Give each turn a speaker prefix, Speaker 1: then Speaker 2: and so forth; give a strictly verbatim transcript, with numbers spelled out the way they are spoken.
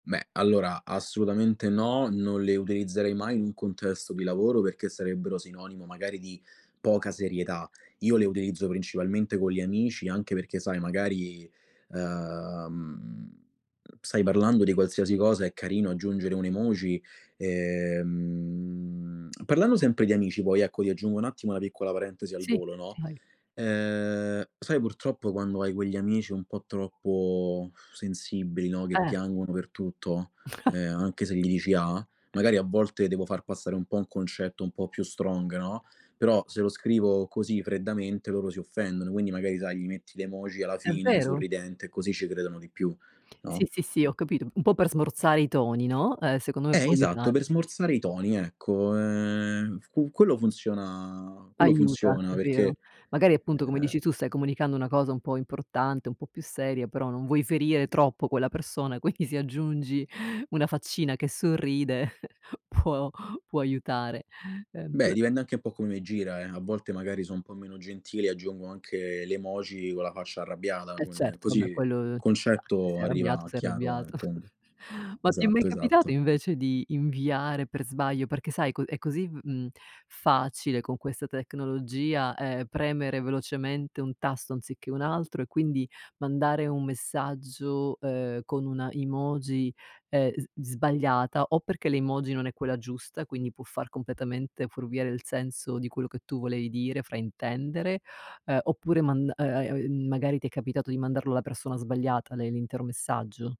Speaker 1: Beh, allora, assolutamente no, non le utilizzerei mai in un contesto di lavoro perché sarebbero sinonimo magari di poca serietà. Io le utilizzo principalmente co' gli amici, anche perché sai magari, uhm, stai parlando di qualsiasi cosa, è carino aggiungere un'emoji. Ehm, parlando sempre di amici, poi, ecco, ti aggiungo un attimo una piccola parentesi al
Speaker 2: Sì,
Speaker 1: volo, no,
Speaker 2: vai.
Speaker 1: ehm, sai purtroppo quando hai quegli amici un po' troppo sensibili, no, che
Speaker 2: Eh.
Speaker 1: piangono per tutto, ehm, anche se gli dici A, magari a volte devo far passare un po' un concetto un po' più strong, no, però se lo scrivo così freddamente loro si offendono, quindi magari, sai, gli metti le emoji alla
Speaker 2: È
Speaker 1: fine
Speaker 2: vero.
Speaker 1: sorridente, così ci credono di più, no?
Speaker 2: Sì, sì, sì, ho capito. Un po' per smorzare i toni, no, uhm, secondo me
Speaker 1: Eh,
Speaker 2: può
Speaker 1: esatto, per
Speaker 2: aiutare.
Speaker 1: smorzare i toni, ecco. Ehm, qu quello funziona quello
Speaker 2: Aiuta,
Speaker 1: funziona
Speaker 2: è vero.
Speaker 1: perché,
Speaker 2: Magari appunto, come
Speaker 1: ehm
Speaker 2: dici tu, stai comunicando una cosa un po' importante, un po' più seria, però non vuoi ferire troppo quella persona, quindi se aggiungi una faccina che sorride può può aiutare, ehm
Speaker 1: Beh,
Speaker 2: [unintelligible]
Speaker 1: dipende anche un po' come me gira eh, a volte magari so' un po' meno gentile e aggiungo anche le emoji con la faccia arrabbiata,
Speaker 2: Eh
Speaker 1: quelle
Speaker 2: certo, vabbè
Speaker 1: così
Speaker 2: quello ci sta. Se
Speaker 1: concetto
Speaker 2: sei arrabbiato,
Speaker 1: arriva
Speaker 2: sei
Speaker 1: chiaro e
Speaker 2: arrabbiato.
Speaker 1: tondo.
Speaker 2: Ma ti è mai
Speaker 1: Esatto,
Speaker 2: capitato
Speaker 1: esatto.
Speaker 2: invece di inviare per sbaglio? Perché sai, è co è così v mhmm, facile con questa tecnologia, ehm, premere velocemente un tasto anziché un altro e quindi mandare un messaggio, ehm, con una emoji, ehm, s sbagliata, o perché l'emoji non è quella giusta, quindi può far completamente furviare il senso di quello che tu volevi dire, fraintendere, ehm, oppure mand ehm, magari ti è capitato di mandarlo alla persona sbagliata le l'intero messaggio.